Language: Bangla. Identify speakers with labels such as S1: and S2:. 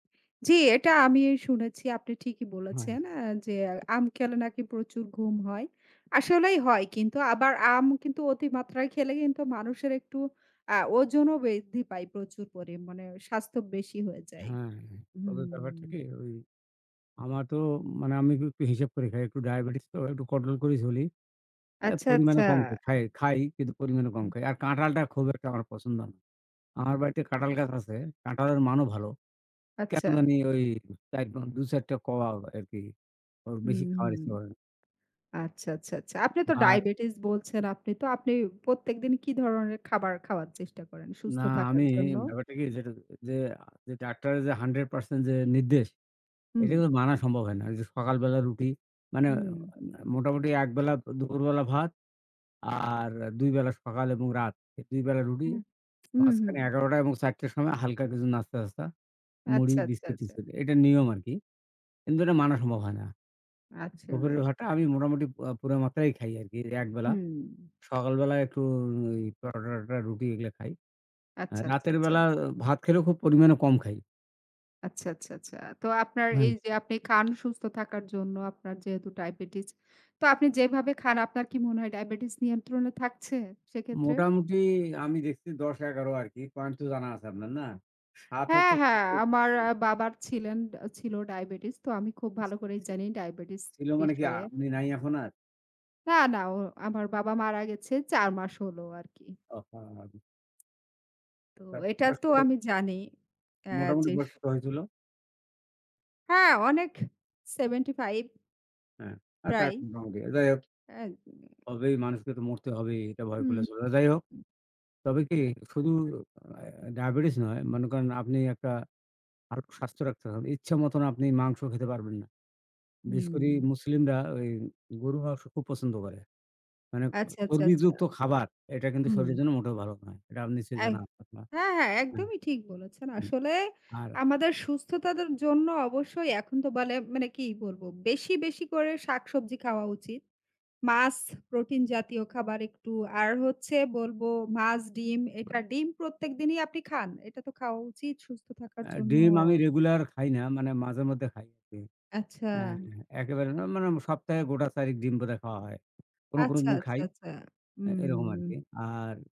S1: জ্বি, এটা আমি শুনেছি। আপনি ঠিকই
S2: হ্যাঁ।
S1: বলেছেন এ যে আম খেলে নাকি প্রচুর ঘুম হয়। আসলেই হয় কিন্তু আবার আম কিন্তু অতিমাত্রায় খেলে কিন্তু মানুষের একটু আ ওজনও বৃদ্ধি পায়। প্রচুর মানে স্বাস্থ্য বেশি হয়ে যায়।
S2: হ্যাঁ। তবে ব্যাপারটা
S1: হুম।
S2: কি ওই আমার তো মানে আমি ক একটু হিসাব করে খাই। একটু ডায়াবেটিস তো একটু control করেই চলি। আ
S1: আচ্ছা,
S2: পরিমাণে
S1: আচ্ছা।
S2: কম খাই খাই। খাই, কিন্তু পরিমাণে কম
S1: হু।
S2: খাই। আর কাঁঠালটা খুব একটা আমার পছন্দ না। আমার বাড়িতে কাঁঠাল গাছ আছে, কাঁঠালের মানও ভালো। কেন
S1: আচ্ছা।
S2: জানি ওই চাইরবাই ২, ৪ টা কোয়া আরকি। ওর
S1: হু,
S2: বেশি খাবার
S1: হুম।
S2: ইচ্ছা করে না।
S1: আচ্ছা, আচ্ছা, আচ্ছা। আপনি তো
S2: আর
S1: ডায়াবেটিস বলছেন আপনি তো আপনি প্রত্যেকদিন কি ধরনের খাবার খাওয়ার চেষ্টা করেন
S2: না,
S1: সুস্থ
S2: আমি
S1: থাকার জন্য?
S2: ব্যাপারটা কি? যেটা যে যেটা ডাক্তারে যে 100% যে নির্দেশ, এটা
S1: হুম।
S2: কিন্তু মানা সম্ভব হয় না। এইযে সকালবেলা রুটি মানে আ
S1: উম।
S2: মোটামুটি এক বেলা দু দুপুরবেলা ভাত আর আ ২ বেলা সকাল এবং রাত। এই ২ বেলা রুটি
S1: হুহু। হুম, হু।
S2: মাঝখানে ১১ঃ০০ টা এবং ৪ঃ০০ টার সময় হালকা কিছু নাস্তা-টাস্তা, মুড়ি,
S1: আচ্ছা, আচ্ছা, আচ্ছা।
S2: বিস্কিট-টিস্কিট। এটা নিয়ম আরকি। কিন্তু এটা মানা সম্ভব হয় না। দুপুরের
S1: আসলেই
S2: ভাতটা
S1: তাই।
S2: আমি মোটামুটি পু পু্রা মাত্রাই খাই আরকি একবেলা।
S1: হুম।
S2: সকালবেলায় একটু ও ওই পরোটা-টরোটা, রুটি এগুলা খাই। আ
S1: আচ্ছা, আচ্ছা,
S2: রাতের বেলা
S1: আচ্ছা।
S2: ভাত খেলেও খুব পরিমাণে কম খাই।
S1: আচ্ছা, আচ্ছা, আচ্ছা। তো আপনার
S2: হুম।
S1: এইযে আপনি খান সুস্থ থাকার জন্য আপনার যেহেতু ডায়াবেটিস। তো আপনি যেভাবে খান আপনার কি মনে হয় ডায়াবেটিস নিয়ন্ত্রণে থাকছে সেক্ষেত্রে?
S2: মোটামুটি আমি দেখছি ১০, ১১ আরকি। পয়েন্ট তো জানা আছে আপনার, না? ৭
S1: হ্যাঁ,
S2: হচ্ছে
S1: হ্যাঁ, আমার আ
S2: [unintelligible]
S1: বাবার ছিলেন আ ছিল ডায়াবেটিস। তো আমি খুব ভালো করেই জানি ডায়াবেটিস
S2: ছিল মানে কি আ
S1: বিষয়ে।
S2: উনি নাই এখন আর?
S1: না, না, ও আমার বাবা মারা গেছে ৪ মাস হল আরকি।
S2: আহহা!
S1: তো
S2: হ্যাঁ।
S1: এটা
S2: বয়স
S1: তো
S2: কত?
S1: আমি জানি আ
S2: মোটামুটি
S1: যেস
S2: বয়স কত হয়েছিল?
S1: হ্যাঁ, অনেক। 75
S2: হ্যাঁ, আচ্ছা।
S1: প্রায়ই
S2: [unintelligible] যাই হোক।
S1: আ দিএ
S2: হবেই। মানুষকে তো মরতে হবেই। এটা ভয়
S1: হুম।
S2: করলে চলবে না। যাই হোক। তবে কি শুধু আ ডায়াবেটিস নয়, মনে করেন আপনি একটা আর স্বাস্থ্য রাখতে হয়। ইচ্ছে মতন আপনি মাংস খেতে পারবেন না। বিশেষ করি
S1: উম।
S2: মুসলিমরা ওই গরুর মাংস খুব পছন্দ করে। মানে এ
S1: আচ্ছা, আচ্ছা, আচ্ছা।
S2: চর্বিযুক্ত খাবার আ এটা কিন্তু
S1: উম।
S2: শরীরের জন্য মোটেও ভালো নয়। এটা আপ নিশ্চয়ই
S1: এহ
S2: জানা আপনার?
S1: হ্যাঁ, হ্যাঁ,
S2: আ
S1: একদমই ঠিক বলেছেন।
S2: [unintelligible]
S1: আসলে
S2: আর
S1: আমাদের সুস্থতার জন্য অবশ্যই এখন তো বলে মানে কি বলবো? বেশি, বেশি করে শাকসবজি খাওয়া উচিত। মাছ, প্রোটিন জাতীয় খাবার একটু। আর হচ্ছে বলবো মাছ, ডিম এটা। ডিম প্রত্যেক দিনই আপনি খান। এটা তো খাওয়া উচিত সুস্থ থাকার
S2: আ
S1: জন্য।
S2: ডিম আমি রেগুলার খাই না। মানে মাঝেমধ্যে খাই আরকি।
S1: আচ্ছা।
S2: এ এ একেবারে না, মানে মা সপ্তাহে গোটা চাইরেক ডিম বোধহয় খাওয়া হয়। কোনো, কোনো
S1: আচ্ছা,
S2: দিন
S1: আচ্ছা,
S2: খাই।
S1: আচ্ছা।
S2: আ এরকম
S1: উম
S2: আরকি। আর